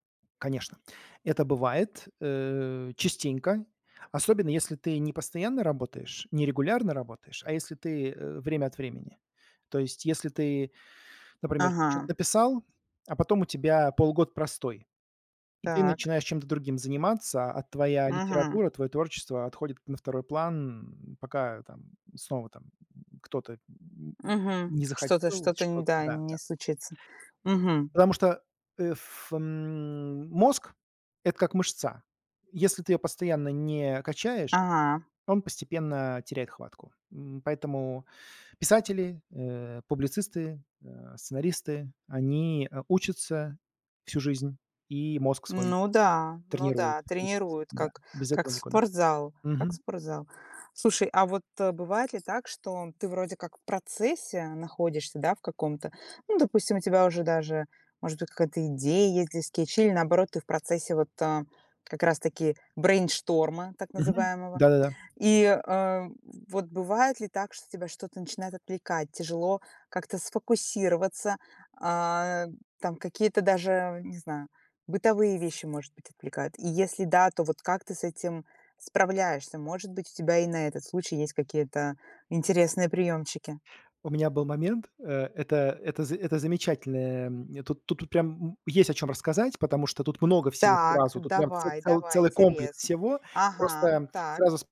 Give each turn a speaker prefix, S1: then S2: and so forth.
S1: Конечно, это бывает, э, частенько, особенно если ты не постоянно работаешь, не регулярно работаешь, а если ты, э, время от времени. То есть, если ты, например, чё-то
S2: Ага.
S1: написал, а потом у тебя полгода простой, и ты
S2: Так.
S1: начинаешь чем-то другим заниматься, а твоя
S2: Мгм.
S1: литература, твоё творчество отходит на второй план, пока там снова там кто-то, м,
S2: Мгм.
S1: не
S2: Что-то
S1: захотел
S2: что-то нь
S1: что-то
S2: да,
S1: Да, да.
S2: не случится. Мгм.
S1: Потому что, э, ф м, мозг- это как мышца. Если ты её постоянно не качаешь,
S2: А.
S1: он постепенно теряет хватку. М, поэтому писатели, э, публицисты, э, сценаристы, они, э, учатся всю жизнь, и мозг свой
S2: Ну да, ну
S1: тренируют
S2: да,
S1: всю жизнь,
S2: тренирует
S1: да,
S2: как,
S1: без
S2: как
S1: этого никуда.
S2: спортзал, как
S1: Мгм.
S2: спортзал. Слушай, а вот, э, бывает ли так, что ты вроде как в процессе находишься, да, в каком-то, ну, допустим, у тебя уже даже, может быть, какая-то идея есть для скетчей, или, наоборот, ты в процессе вот, а, как раз-таки брейншторма так
S1: Мгм.
S2: называемого.
S1: Да-да-да.
S2: И, э, в вот бывает ли так, что тебя что-то начинает отвлекать, тяжело как-то сфокусироваться, а, там, какие-то даже, не знаю, бытовые вещи, может быть, отвлекают? И если да, то вот как ты с этим справляешься? Может быть, у тебя и на этот случай есть какие-то интересные приёмчики?
S1: У меня был момент, э, это, это за это замечательное, м, тут, тут прям, м, есть о чём рассказать, потому что тут много всего
S2: Так,
S1: сразу, тут прям це
S2: давай
S1: це
S2: давай,
S1: целый комплекс
S2: интересно.
S1: всего.
S2: Ага, м,
S1: Просто
S2: так.
S1: сразу с